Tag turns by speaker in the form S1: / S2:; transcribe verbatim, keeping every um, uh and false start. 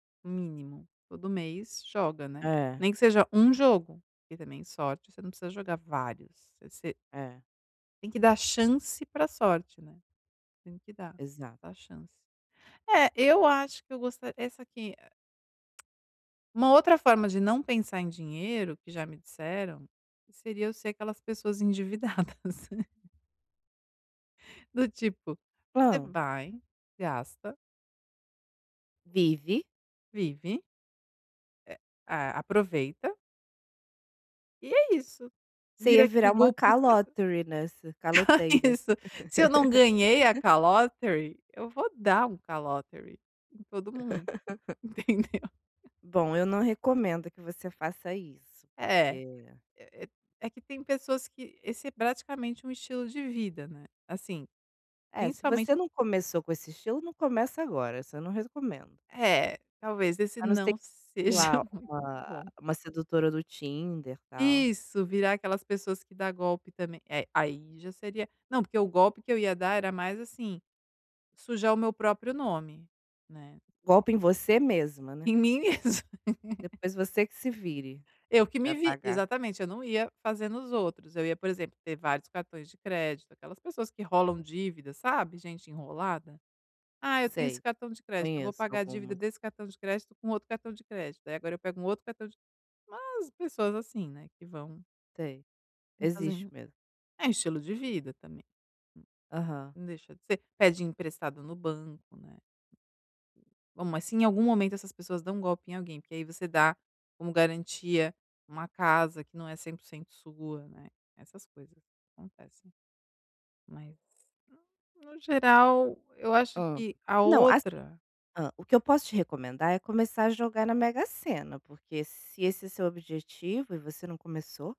S1: Mínimo, todo mês joga, né.
S2: É.
S1: Nem que seja um jogo, porque também sorte, você não precisa jogar vários, você
S2: É.
S1: Tem que dar chance para sorte, né, tem que dar.
S2: Exa
S1: Dar chance. É, eu acho que eu gosta essa aqui a uma outra forma de não pensar em dinheiro que já me disseram, seria eu ser aquelas pessoas endividadas. Do tipo, você
S2: Hã.
S1: vai, gasta
S2: Vive.
S1: vive é é aproveita e é isso,
S2: Você
S1: vira
S2: ia
S1: aquele
S2: virar uma
S1: golpista
S2: "calotery" nessa, caloteira.
S1: Isso, se eu não ganhei a "calotery", eu vou dar um "calotery" em todo mundo, entendeu?
S2: Bom, eu não recomendo que você faça isso,
S1: É.
S2: que
S1: E e é que tem pessoas que esse é praticamente um estilo de vida, né, assim,
S2: É, se
S1: principalmente
S2: você não começou com esse estilo, não começa agora, isso eu não rescomendo.
S1: É, talvez esse
S2: A não ser
S1: não
S2: que
S1: seja
S2: lá
S1: muito
S2: uma
S1: bom.
S2: uma sedutora do Tinder, tal.
S1: Isso, virar aquelas pessoas que dá golpe também eh, aí já seria não, porque o golpe que eu ia dar era mais, assim, sujar o meu próprio nome, né.
S2: Golpe em você mesma, né.
S1: Em mim mesma.
S2: Depois você que se vire
S1: Eu que me
S2: pra
S1: vi
S2: pagar.
S1: exatamente, eu não ia fazer nos outros, eu ia, por exemplo, ter vários cartões de crédito, aquelas pessoas que enrolam dívidas, sabe, gente enrolada? "Ah, eu tenho esse
S2: Sei,
S1: cartão de crédito, eu vou
S2: conheço
S1: pagar a dívida
S2: algumas.
S1: desse cartão de crédito com outro cartão de crédito, aí agora eu pego um outro cartão de" umas pessoas assim, né, que vão
S2: Sei,
S1: vão
S2: existe
S1: fazendo.
S2: mesmo.
S1: É estilo de vida também.
S2: Aham.
S1: Não deixa de ser. Pede emprestado no banco, né. Bom, mas se em algum momento essas pessoas dão golpe em alguém, porque aí você dá como garantia uma casa que não é cem por cento sua, né, essas coisas acontecem. Mas, no no geral, eu acho
S2: Hã.
S1: que a
S2: Não, assi
S1: outra
S2: hã, o que eu posso te recomendar é começar a jogar na Mega Sena, porque se esse é seu objetivo, e você não começou.